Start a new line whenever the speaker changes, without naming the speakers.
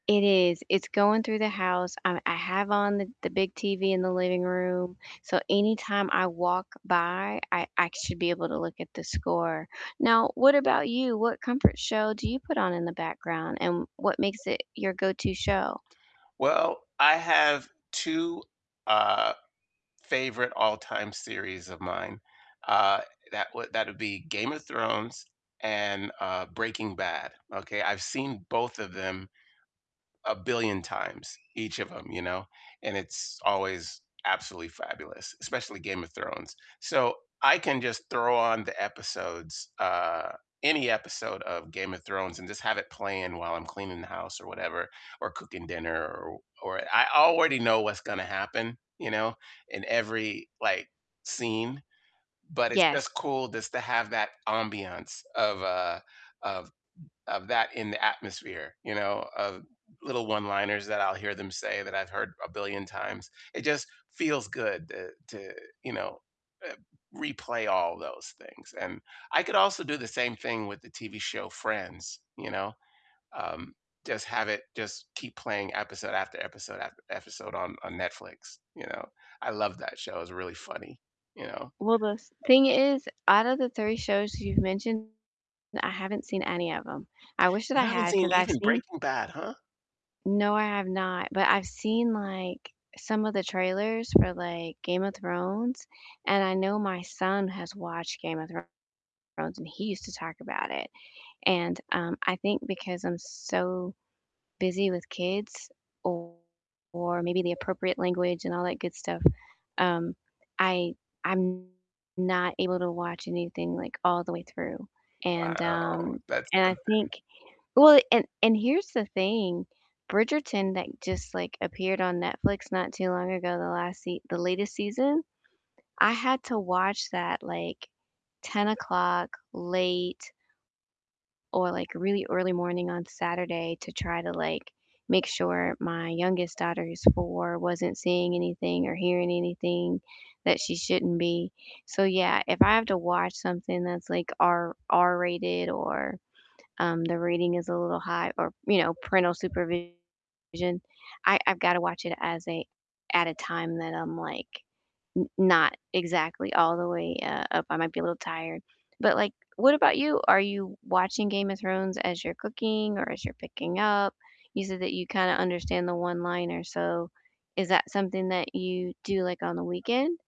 It is, it's going through the house. Um, I have on the the big TV in the living room, so anytime I walk by, I I should be able to look at the score. Now, what about you? What comfort show do you put on in the background, and what makes it your go-to show?
Well, I have 2, uh, favorite all-time series of mine. Uh, that would that would be Game of Thrones and, uh, Breaking Bad, okay? I've seen both of them a billion times, each of 'em, you know, and it's always absolutely fabulous, especially Game of Thrones. So, I can just throw on the episodes, uh, any episode of Game of Thrones and just have it playing while I'm cleaning the house or whatever, or cooking dinner or or I already know what's gonna happen, you know, in every, like, scene, but, it's
Yes.
just cool just to have that ambiance of, uh, of of that in the atmosphere, you know, of little one-liners that I'll hear them say that I've heard a billion times. It just feels good to to, you know, uh, replay all those things. And I could also do the same thing with the TV show Friends, you know? Um, just have it just keep playing episode after episode after episode on on Netflix, you know. I love that show. It's really funny, you know.
Well, the thing is, out of the 3 shows you've mentioned, I haven't seen any of them. I wish that I
You haven't
had, 'cause
seen
I've
even
seen
Breaking Bad, huh?
No, I have not. But, I've seen, like, some of the trailers for, like, "Game of Thrones," and I know my son has watched "Game of Thrones," and he used to talk about it. And, um, I think because I'm so busy with kids or or maybe the appropriate language and all that good stuff, um, I I'm not able to watch anything, like, all the way through. And,
Wow,
um,
that's
and I
something.
think well, and and here's the thing, "Bridgerton" that just, like, appeared on Netflix not too long ago, the last se the latest season, I had to watch that, like, 10 o'clock late or, like, really early morning on Saturday to try to, like, make sure my youngest daughter, who's 4, wasn't seeing anything or hearing anything that she shouldn't be. So, yeah, if I have to watch something that's, like, R R-rated or, um, the rating is a little high or, you know, parental supervision, I I've gotta watch it as a at a time that I'm, like, n not exactly all the way, uh, up. I might be a little tired. But, like, what about you? Are you watching "Game of Thrones" as you're cooking or as you're picking up? You said that you kinda understand the one-liner, so is that something that you do, like, on the weekend?